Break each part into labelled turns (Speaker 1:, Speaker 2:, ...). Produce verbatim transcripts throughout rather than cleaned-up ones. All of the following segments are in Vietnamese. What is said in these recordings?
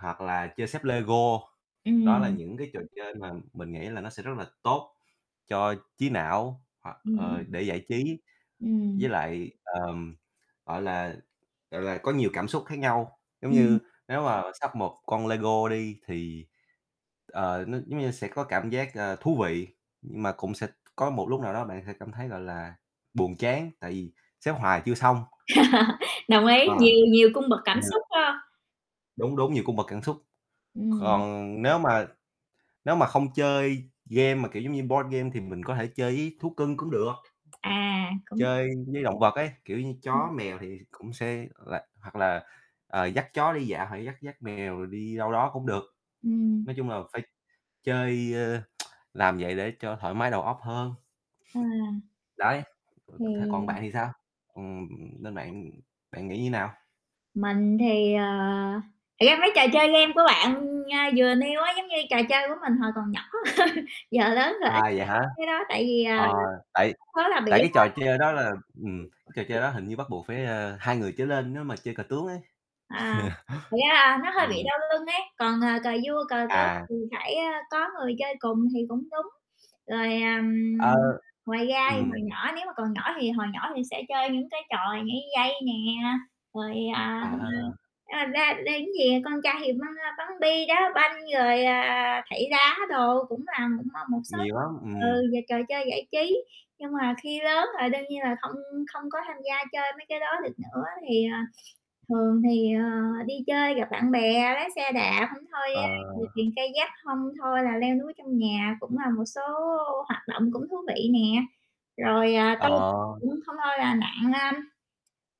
Speaker 1: Hoặc là chơi xếp Lego, đó là
Speaker 2: Ừm.
Speaker 1: những cái trò chơi mà mình nghĩ là nó sẽ rất là tốt cho trí não, hoặc, ờ,
Speaker 2: Ừm.
Speaker 1: để giải trí,
Speaker 2: Ừm.
Speaker 1: với lại, ờm, gọi là, gọi là, có nhiều cảm xúc khác nhau. Giống
Speaker 2: Ừm.
Speaker 1: như nếu mà sắp một con Lego đi, thì, ờ, nó giống như sẽ có cảm giác, ờ, thú vị, nhưng mà cũng sẽ t có một lúc nào đó bạn sẽ cảm thấy, gọi là, buồn chán, tại vì xếp hoài chưa xong.
Speaker 2: Đồng ý,
Speaker 1: Ờ.
Speaker 2: nhiều nhiều cung bậc cảm
Speaker 1: Ờ.
Speaker 2: xúc, phải hông?
Speaker 1: Đúng, đúng, nhiều cung bậc cảm xúc.
Speaker 2: Ừm.
Speaker 1: Còn nếu mà nếu mà không chơi game mà kiểu giống như board game thì mình có thể chơi với thú cưng cũng được.
Speaker 2: À, cũng [unintelligible]
Speaker 1: Chơi với động vật ấy, kiểu như
Speaker 2: Ừm.
Speaker 1: chó mèo thì cũng sẽ, ờ, là hoặc là, ờ, dắt chó đi dạo hoặc là dắt dắt mèo rồi đi đâu đó cũng được.
Speaker 2: Ừm.
Speaker 1: Nói chung là phải chơi, ơ làm vậy để cho thoải mái đầu óc hơn.
Speaker 2: Ờ.
Speaker 1: Đấy, ờ, th còn
Speaker 2: Thì
Speaker 1: bạn thì sao? Ừm, nên bạn bạn nghĩ như nào?
Speaker 2: Mình thì, ờ thật ra mấy trò chơi game của bạn, a, vừa nêu á, giống như trò chơi của mình hồi còn nhỏ. Giờ lớn rồi
Speaker 1: À,
Speaker 2: ít
Speaker 1: vậy hả?
Speaker 2: cái đó, tại vì, ờ,
Speaker 1: Ờ, tại
Speaker 2: lúc đó là bị,
Speaker 1: tại
Speaker 2: ơ
Speaker 1: cái trò chơi đó là ừm, cái trò
Speaker 2: [unintelligible]
Speaker 1: chơi đó hình như bắt buộc phải, ờ, hai người trở lên nếu mà chơi cờ tướng ấy.
Speaker 2: À, thật ra là nó hơi bị
Speaker 1: Ừm.
Speaker 2: đau lưng ấy. Còn, ờ, cờ vua cờ tướng
Speaker 1: À.
Speaker 2: thì phải có người chơi cùng thì cũng đúng. Rồi, ờ,
Speaker 1: Ờ,
Speaker 2: ngoài ra thì hồi
Speaker 1: ừm.
Speaker 2: nhỏ nếu mà còn nhỏ thì hồi nhỏ mình sẽ chơi những cái trò nhảy dây nè, rồi, à
Speaker 1: À.
Speaker 2: a, ra [unintelligible] con trai thì bắn bắn bi, đá banh, rồi, à, thảy đá đồ cũng là cũng, ờ, một số
Speaker 1: Nhiều lắm, ừm.
Speaker 2: ừ, về trò chơi giải trí. Nhưng mà khi lớn là đương nhiên là không không có tham gia chơi mấy cái đó được nữa. Thì, à, thường thì, ờ, đi chơi gặp bạn bè, lái xe đạp, hông thôi,
Speaker 1: Ờ.
Speaker 2: ơ, chèo thuyền kayak hông thôi là leo núi trong nhà cũng là một số hoạt động cũng thú vị nè. Rồi
Speaker 1: Ờ.
Speaker 2: tôi cũng hông thôi là nặn, ơm,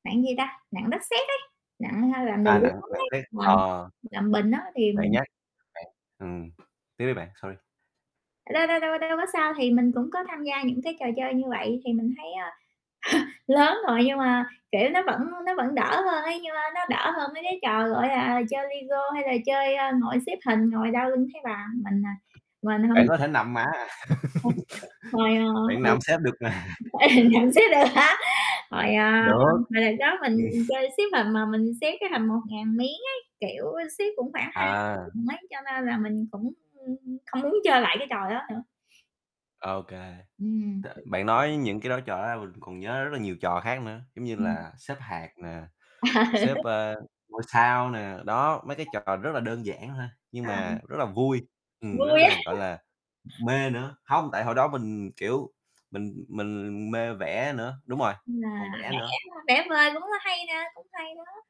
Speaker 2: nặn gì ta, nặn đất sét ấy, nặn hay làm đồ
Speaker 1: À, nặng
Speaker 2: gốm
Speaker 1: nặng
Speaker 2: đấy,
Speaker 1: phết.
Speaker 2: làm
Speaker 1: Ờ.
Speaker 2: làm bình á thì
Speaker 1: Bạn
Speaker 2: mình
Speaker 1: nhắc bạn ừm, tiếp đi bạn, sorry.
Speaker 2: Đâu, đâu, đâu, đâu có sao. Thì mình cũng có tham gia những cái trò chơi như vậy thì mình thấy, ờ, lớn rồi nhưng mà, kiểu, nó vẫn nó vẫn đỡ hơn ấy. Nhưng mà nó đỡ hơn mấy cái trò, gọi là, chơi Lego hay là chơi, ơ, ngồi xếp hình, ngồi đau lưng thấy bà. Mình, à, mình
Speaker 1: Bạn
Speaker 2: hông
Speaker 1: có thể nằm mà.
Speaker 2: [unintelligible] Hồi, ờ,
Speaker 1: Bạn
Speaker 2: hồi
Speaker 1: nằm xếp được mà.
Speaker 2: ừ, nằm xếp được hả? Hồi, ờ,
Speaker 1: Được.
Speaker 2: hồi đợt đó mình chơi xếp hình mà mình xếp cái hình một ngàn miếng ấy, kiểu, xếp cũng khoảng hai [unintelligible]
Speaker 1: À.
Speaker 2: mấy, cho nên là mình cũng không muốn chơi lại cái trò đó nữa.
Speaker 1: Ô kê,
Speaker 2: Ừm.
Speaker 1: T bạn nói những cái đó, trò đó ra mình cũng còn nhớ rất là nhiều trò khác nữa, giống như
Speaker 2: Ừm.
Speaker 1: là xếp hạc nè, xếp, ờ, ngôi sao nè, đó. Mấy cái trò rất là đơn giản thôi, nhưng
Speaker 2: À.
Speaker 1: mà rất là vui, ừm, rất
Speaker 2: Vui á.
Speaker 1: là, gọi là, mê nữa. Hông, tại hồi đó mình, kiểu, mình mình mê vẽ nữa đúng rồi,
Speaker 2: Là
Speaker 1: còn vẽ nữa.
Speaker 2: vẽ vẽ vời cũng hay nè, cũng hay đó.